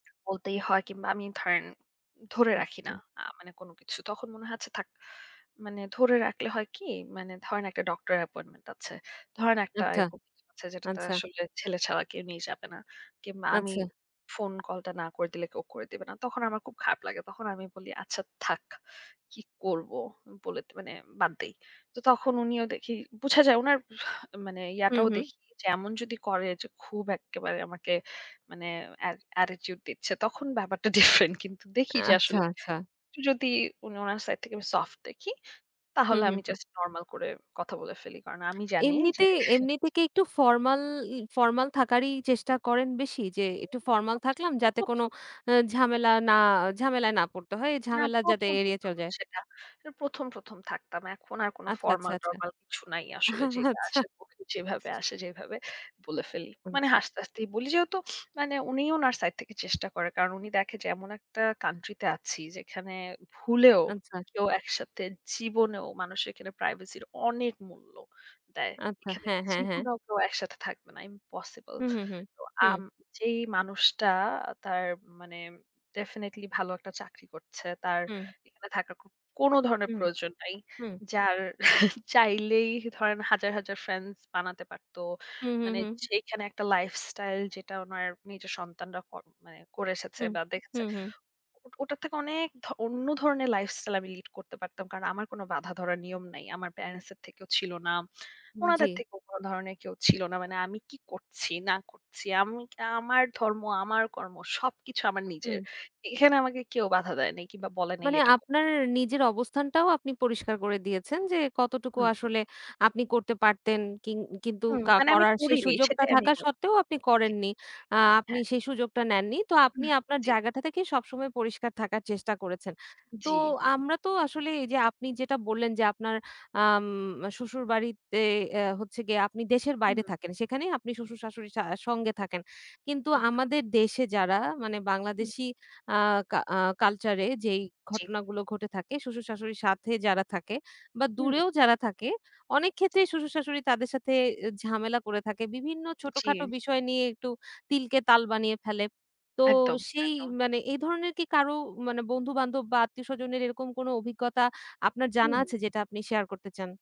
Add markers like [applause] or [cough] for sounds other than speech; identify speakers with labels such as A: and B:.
A: বলতেই হয় কিংবা আমি ধরেন, ধরে
B: হুম,
A: রাখি না।
B: হুম।
A: আ মানে কোন কিছু। তখন মনে হয় আচ্ছা থাক। মানে ধরে রাখলে হয় কি? মানে ধরেন একটা ডক্টর অ্যাপয়েন্টমেন্ট আছে। ধরেন একটা
B: আচ্ছা,
A: এরকম আছে যেটাতে
B: আচ্ছা।
A: আসলে ছেলে ছাড়া কেউ নিয়ে যাবে না। কিংবা আমি
B: আচ্ছা।
A: ফোন কলটা না করে দিলে কেউ করে দিবে না। তখন আমার খুব খারাপ লাগে। তখন আমি বলি আচ্ছা থাক। কি করব? বলে মানে বাদ দেই। তো তখন উনিও দেখি বুঝা যায় উনার মানে
B: হুম,
A: ইয়াটাও
B: হুম।
A: দেখি যে এমন যদি করে যে খুব এক্কেবারে আমাকে মানে অ্যাট attitude দিচ্ছে। তখন ব্যাপারটা different কিন্তু দেখি যে
B: আচ্ছা,
A: আসলে
B: আচ্ছা।
A: একটু যদি উনি উনার সাইড থেকে সফট দেখি,
B: হুম,
A: তাহলে
B: হুম,
A: আমি
B: হুম।
A: জাস্ট নরমাল করে কথা বলে ফেলি। কারণ আমি জানি যে
B: এমনিতে, এমনিতে কি একটু ফরমাল, ই ফরমাল থাকারই চেষ্টা করেন বেশি? যে একটু
A: [unintelligible]
B: ফরমাল থাকলাম
A: ১ম,
B: যাতে কোন
A: ১ম,
B: আ ঝামেলা না ঝামেলায় না পড়তে হয়। এই
A: না
B: ঝামেলা যাতে
A: ১ম,
B: এড়িয়ে
A: ১ম,
B: চলে যায়?
A: সেটা। অ্যা ১ম, ১ম, থাকতাম। এখন আর কোন
B: আচ্ছা, আচ্ছা, আচ্ছা।
A: ফরমাল-টরমাল কিছু নাই আসলে।
B: [chuckles]
A: যেটা
B: আচ্ছা।
A: আসে মুখে যেভাবে আসে যেভাবে বলে ফেলি। মানে
B: আচ্ছা।
A: হাসতে হাসতেই বলি যেহেতু মানে উনি উনার সাইড থেকে চেষ্টা করে। কারণ উনি দেখে যে এমন একটা country তে আছি যেখানে ভুলেও
B: আচ্ছা।
A: কেউ একসাথে জীবনেও মানুষের এখানে প্রাইভেসির অনেক মূল্য দেয়।
B: আচ্ছা।
A: এখানে
B: হ্যাঁ, হ্যাঁ, হ্যাঁ।
A: জীবনেও কেউ একসাথে থাকবে না। impossible
B: হুম, হুম, হুম,
A: তো
B: হুম।
A: আম যেই মানুষটা তার মানে definitely ভালো একটা চাকরি করছে। তার
B: হুম।
A: এখানে থাকার কোন, কোন ধরনের
B: হুম,
A: প্রয়োজন নাই।
B: হুম।
A: যার [chuckles] চাইলেই ধরেন হাজার, হাজার ফ্রেন্ডস বানাতে পারত।
B: হুম, হুম,
A: মানে
B: হুম।
A: যেখানে একটা lifestyle যেটা উনার নিজের সন্তানরা কর মানে করে এসেছে
B: হুম,
A: বা দেখে এসেছে।
B: হুম, হুম।
A: ও ওটার থেকে অনেক ধ অন্য ধরনের lifestyle আমি lead করতে পারতাম। কারণ আমার কোন বাধা ধরার নিয়ম নাই। আমার প্যারেন্টস এর থেকেও ছিল না। উনাদের
B: জি।
A: থেকেও কোন ধরনের কেউ ছিলো না। মানে আমি কি করছি না করছি। আমি কি আমার ধর্ম, আমার কর্ম সবকিছু আমার নিজের।
B: হুম
A: এখানে আমাকে কেউ বাধা দেয় নাই কিংবা বলে নাই
B: মানে
A: এটা ক
B: আপনার নিজের অবস্থানটাও আপনি পরিষ্কার করে দিয়েছেন যে, কতটুকু
A: হুম।
B: আসলে আপনি করতে পারতেন কিং কিন্তু
A: হুম,
B: কা
A: মানে আমি
B: করার সেই
A: করিনি,
B: সুযোগটা
A: সেটাই আমি
B: থাকা
A: বল
B: সত্ত্বেও আপনি
A: জি,
B: করেননি। আ আপনি
A: হ্যাঁ।
B: সেই সুযোগটা নেননি। তো আপনি
A: উমহ
B: আপনার
A: জি।
B: জায়গাটা থেকেই সবসময় পরিষ্কার থাকার চেষ্টা করেছেন। তো
A: জি।
B: আমরা তো আসলে এই যে আপনি যেটা বললেন যে আপনার আম শ্বশুর বাড়িতে এ হচ্ছে গিয়ে আপনি দেশের বাইরে
A: হুম।
B: থাকেন। সেখানেই আপনি শ্বশুর-শাশুড়ির সা সঙ্গে থাকেন। কিন্তু
A: একদম।
B: আমাদের দেশে যারা, মানে
A: হুম।
B: বাংলাদেশী আ কা আ কালচার এ যেই
A: জি।
B: ঘটনাগুলো ঘটে থাকে, শ্বশুর-শাশুড়ির সাথে যারা থাকে বা
A: হুম।
B: দূরেও যারা থাকে অনেক
A: জি।
B: ক্ষেত্রেই শ্বশুর-শাশুড়ি তাদের সাথে অ্যা ঝামেলা করে থাকে। বিভিন্ন ছোটখাটো
A: জি।
B: বিষয় নিয়ে একটু তিলকে তাল বানিয়ে ফেলে। তো
A: একদম,
B: সেই
A: একদম।
B: মানে এ ধরনের কি কারো মানে বন্ধু-বান্ধব বা আত্মীয়স্বজনের এরকম কোন অভিজ্ঞতা আপনার জানা
A: হুম।
B: আছে যেটা আপনি শেয়ার করতে চান?